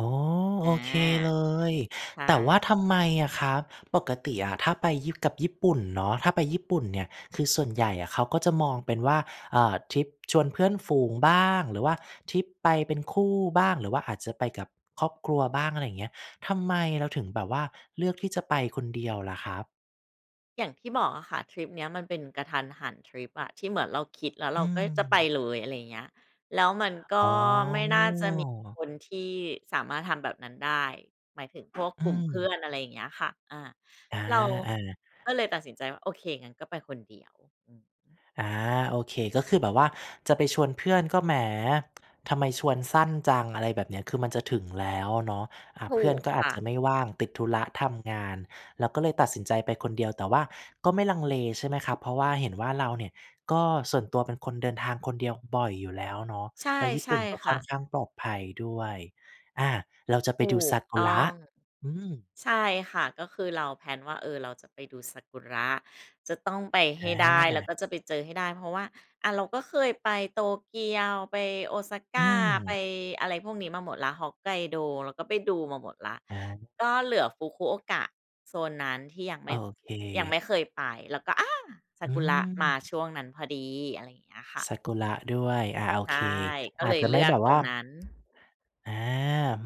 อ๋อ อโา อเคเลย ใชแต่ว่า่ ทำไมอะครับ ปกติอะถ้าไปยี่ กับญี่ปุ่นเนาะ ถ้าไปญี่ปุ่นเนี่ย คือส่วนใหญ่อะเขาก็จะมองเป็นว่า อ่า ทริปชวนเพื่อนฝูงบ้าง หรือว่าทริปไปเป็นคู่บ้าง หรือว่าอาจจะไปกับครอบครัวบ้าง อะไรอย่างเงี้ย ทำไมเราถึงแบบว่าเลือกที่จะไปคนเดียวล่ะครับ? อย่างที่บอกอะค่ะ ทริปเนี้ยมันเป็นกะทันหันทริปอะ ที่เหมือนเราคิดแล้วเอรืาก็จะไปม เลย อะไรอย่างเงี้ย แล้วมันก็อ๋อ ไม่น่าจะมีคนที่สามารถทำแบบนั้นได้ หมายถึง พวกอืกลุ่มเพื่อม น อะไรอย่างเงี้ยค่ะ อา อา เราอา ก็เลยตัดสินใจว่า "โอเค งั้นก็ไปคนเดียว" อือฮึ อา โอเค ก็คือแบบว่าจะไปชวนเพื่อนก็ แหม ทำไมชวนสั้นจัง อะไรแบบเนี้ย คือมันจะถึงแล้วอะเนาะ อ่า ถเพูื่อนกก็อคาจ่ะ จะไม่ว่าง ติดธุระทำงาน เราก็เลยตัดสินใจไปคนเดียว แต่ว่าก็ไม่ลังเลใช่ไหมครับ เพราะว่าเห็นว่าเราเนี่ยก็ ส่วนตัวเป็นคนเดินทางคนเดียวบ่อยอยู่แล้วเนาะ ใช่ แล้วญี่ใชปุ่่นก็คค่่ะ อนข้างปลอดภัยด้วย อา เราจะไปถดููซกากุตร้ะ อง อืม ใช่ค่ะ ก็คือเรา แพลน ว่า เออ เราจะไปดูซากุระ จะต้องไปให้ได้ แล้วอา ก็จะไปเจอให้ได้ เพราะว่า อา เราก็เคยไปโตเกียว ไปโอซากอื้า ไปม อะไรพวกนี้มาหมดแล้ว ฮอกไกโดเราก็ไปดูมาหมดแล้ว อา ก็เหลือฟุกุโอกะโซนนั้นที่ยังไโมอ่ เยังไม่ค เคยไป แล้วก็ อา ซอาืกุระมาม ช่วงนั้นพอดี อะไรอย่างเงี้ยค่ะ ซากุระด้วย อ่า โอใช่ เค ก็อเลาจยจะเลไืม่อกแบบตวร่า งนั้น อา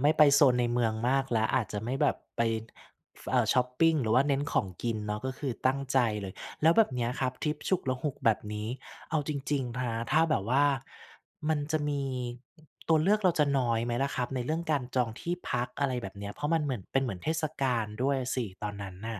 ไม่ไปโซนในเมืองมากแล้ว อาจจะไม่แบบไป ฟ เอ่อ ชอปปิง หรือว่าเน้นของกินเนาะ ก็คือตั้งใจเลย แล้วแบบเนี้ยครับ ทริปฉุกละหุกแบบนี้ เอาจริง ๆ นะ ถ้าแบบว่ามันจะมี ตัวเลือกเราจะน้อยไหมล่ะครับ? ในเรื่องการจองที่พัก อะไรแบบเนี้ย เพราะมันเหมือน เป็นเหมือนเทศกาลด้วยอะสิตอนนั้นน่ะ